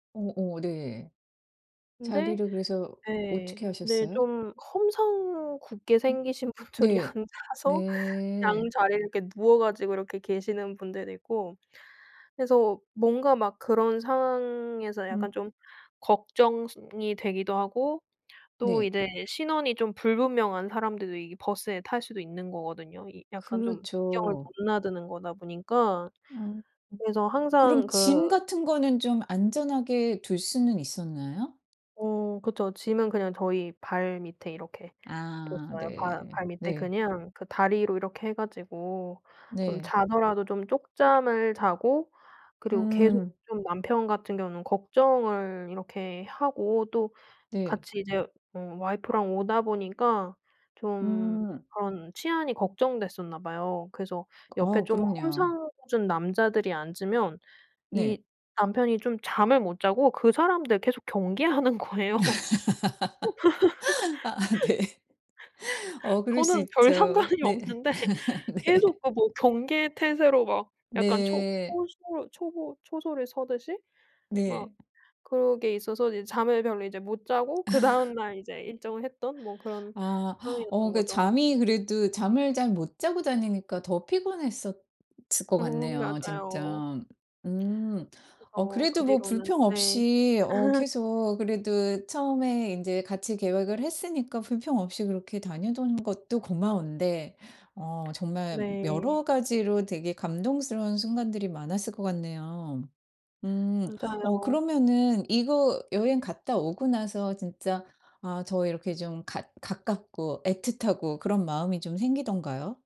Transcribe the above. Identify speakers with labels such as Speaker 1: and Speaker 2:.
Speaker 1: 어 어 네.
Speaker 2: 근데
Speaker 1: 자리를 그래서
Speaker 2: 예.
Speaker 1: 어떻게
Speaker 2: 네
Speaker 1: 하셨어요?
Speaker 2: 좀 험상궂게
Speaker 1: 음
Speaker 2: 생기신 분들이
Speaker 1: 네.
Speaker 2: 앉아서 양
Speaker 1: 네.
Speaker 2: 자리를 이렇게 누워 가지고 이렇게 계시는 분들도 있고 그래서 뭔가 막 그런 상황에서
Speaker 1: 음.
Speaker 2: 약간 좀 걱정스 이 되기도 하고 또
Speaker 1: 네.
Speaker 2: 이제 신원이 좀 불분명한 사람들도 이게 버스에 탈 수도 있는 거거든요. 이 약간 좀 국경을
Speaker 1: 그렇죠.
Speaker 2: 넘나드는 거다 보니까.
Speaker 1: 음 음.
Speaker 2: 그래서 항상
Speaker 1: 그럼 짐
Speaker 2: 그
Speaker 1: 같은 거는 좀 안전하게 둘 수는 있었나요?
Speaker 2: 어 그쵸. 짐은 그냥 저희 발 밑에 이렇게
Speaker 1: 아
Speaker 2: 뒀어요. 발
Speaker 1: 네.
Speaker 2: 발 밑에
Speaker 1: 네.
Speaker 2: 그냥 그 다리로 이렇게 해 가지고 좀
Speaker 1: 네.
Speaker 2: 자더라도 좀 쪽잠을 자고. 그리고 계속
Speaker 1: 음.
Speaker 2: 좀 남편 같은 경우는 걱정을 이렇게 하고 또
Speaker 1: 네.
Speaker 2: 같이 이제 어 와이프랑 오다 보니까 좀
Speaker 1: 음.
Speaker 2: 그런 치안이 걱정됐었나 봐요. 그래서 옆에
Speaker 1: 어
Speaker 2: 좀
Speaker 1: 그럼요.
Speaker 2: 험상궂은 남자들이 앉으면
Speaker 1: 네.
Speaker 2: 이 남편이 좀 잠을 못 자고 그 사람들 계속 경계하는 거예요.
Speaker 1: 아 네. 어 그럴 수
Speaker 2: 저는 별
Speaker 1: 있죠.
Speaker 2: 상관이
Speaker 1: 네.
Speaker 2: 없는데
Speaker 1: 네.
Speaker 2: 계속 그 뭐 경계 태세로 막 약간 초
Speaker 1: 네.
Speaker 2: 초소 초보 초소를 서 듯이 막
Speaker 1: 네.
Speaker 2: 그런 게 있어서 이제 잠을 별로 이제 못 자고 그다음 날 이제 일정을 했던 뭐 그런
Speaker 1: 아
Speaker 2: 상황이었던
Speaker 1: 어 그
Speaker 2: 거죠.
Speaker 1: 잠이 그래도 잠을 잘 못 자고 다니니까 더 피곤했었을 것
Speaker 2: 어
Speaker 1: 같네요
Speaker 2: 맞아요.
Speaker 1: 진짜. 음 어
Speaker 2: 그래서 그
Speaker 1: 그래도 뭐
Speaker 2: 뒤로는
Speaker 1: 불평
Speaker 2: 네.
Speaker 1: 없이 어 계속 그래도 처음에 인제 같이 계획을 했으니까 불평 없이 그렇게 다니던 것도 고마운데 어 정말
Speaker 2: 네.
Speaker 1: 여러 가지로 되게 감동스러운 순간들이 많았을 것 같네요. 음 어
Speaker 2: 맞아요.
Speaker 1: 그러면은 이거 여행 갔다 오고 나서 진짜 아 저 이렇게 좀 가 가깝고 애틋하고 그런 마음이 좀 생기던가요?